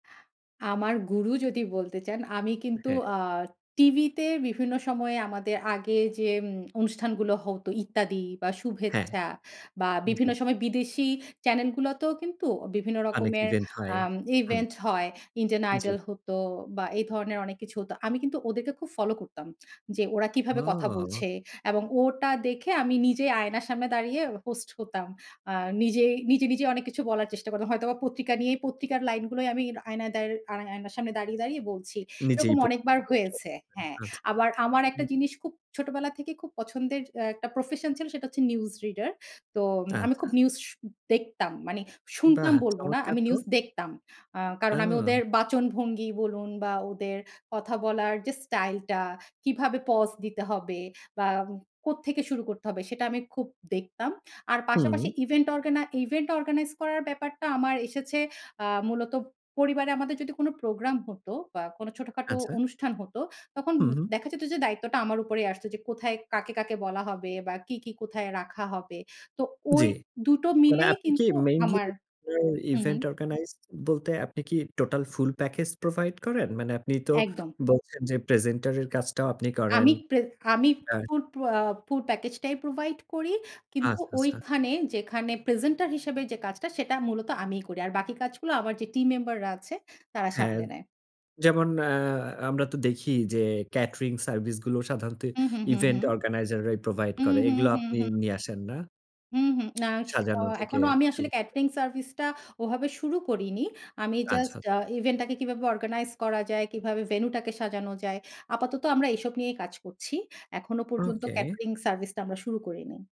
আমার গুরু যদি বলতে চান, আমি কিন্তু হ্যাঁ। আ টিভিতে বিভিন্ন সময়ে আমাদের আগে যে অনুষ্ঠানগুলো হতো ইত্যাদি বা হ্যাঁ। শুভেচ্ছা, বা জি। বিভিন্ন সময় বিদেশী চ্যানেল গুলোতেও কিন্তু বিভিন্ন অনেক রকমের ইভেন্ট হয় আম হম। ইভেন্ট হয়। ইন্ডিয়ান জি। আইডল হতো বা এই ধরনের অনেক কিছু হতো। আমি কিন্তু ওদেরকে খুব ফলো করতাম যে ওরা কিভাবে কথা ওহ। বলছে? এবং ওটা দেখে আমি নিজে আয়নার সামনে দাঁড়িয়ে হোস্ট হতাম। আ নিজেই নিজে, নিজে অনেক কিছু বলার চেষ্টা করতাম। হয়তোবা পত্রিকা নিয়েই পত্রিকার লাইনগুলোই আমি আয়নায় দার আ আয়নার সামনে দাঁড়িয়ে, দাঁড়িয়ে বলছি এরকম নিজেই প অনেকবার হয়েছে, হ্যাঁ। আচ্ছা। আবার আমার একটা হুম। জিনিস খুব ছোটবেলা থেকেই খুব পছন্দের একটা প্রফেশন ছিল সেটা হচ্ছে নিউজ রিডার। তো আমি খুব আচ্ছা। নিউজ শু দেখতাম। মানে বাহ! শুনতাম বলব না, চমৎকার আমি তো। নিউজ দেখতাম। আ কারণ আমি ওদের ওহ। বাচনভঙ্গি বলুন বা ওদের কথা বলার যে স্টাইলটা কিভাবে পজ দিতে হবে? বা কোত্থেকে শুরু করতে হবে? সেটা আমি খুব দেখতাম। আর পাশাপাশি হুম। ইভেন্ট অর্গানা ইভেন্ট অর্গানাইজ করার ব্যাপারটা আমার এসেছে আ মূলত পরিবারে আমাদের যদি কোন প্রোগ্রাম হতো বা কোনো ছোটখাটো আচ্ছা। অনুষ্ঠান হত, তখন হু, হু। দেখা যেত যে দায়িত্বটা আমার উপরেই আসত। যে কোথায় কাকে, কাকে বলা হবে? বা কী, কী কোথায় রাখা হবে? তো জি, ওই দুটো মানে মিলেই আপনি কি কিন্তু মেইনলি আমার হু, হু। ইভেন্ট অর্গানাইজ বলতে আপনি কি টোটাল ফুল প্যাকেজ প্রোভাইড করেন? মানে আপনি তো একদম। বলছেন যে প্রেজেন্টার এর কাজটাও আপনি করেন। আমি প্রেক আমি হ্যাঁ। ফুড আহ ফুল প্যাকেজ টাই প্রোভাইড করি। কিন্তু আচ্ছা, আচ্ছা। ঐখানে যেখানে প্রেজেন্টার হিসেবে যে কাজটা সেটা মূলত আমিই করি। আর বাকি কাজগুলো আমার যে টিম মেম্বার রা আছে তারা হ্যাঁ। সামলে নেয়। যেমন আহ আমরা তো দেখি যে ক্যাটারিং সার্ভিস গুলো সাধারণত হু, হু, হু, ইভেন্ট হু। অর্গানাইজার রাই প্রোভাইড হুম, করে। হুম, এগুলো হুম, আপনি হুম। নিয়ে আসেন না? হুম, হুম না, সাজানো আহ, থেকে এখনো আমি আসলে শুরু করে। ক্যাটারিং সার্ভিসটা ওভাবে শুরু করিনি। আমি আচ্ছা, জাস্ট আ আচ্ছা। ইভেন্টটাকে কিভাবে অর্গানাইজ করা যায়, কিভাবে ভেনুটাকে সাজানো যায় আপাতত আমরা এসব নিয়েই কাজ করছি। এখনো পর্যন্ত ওকে। ক্যাটারিং সার্ভিসটা আমরা শুরু করিনি।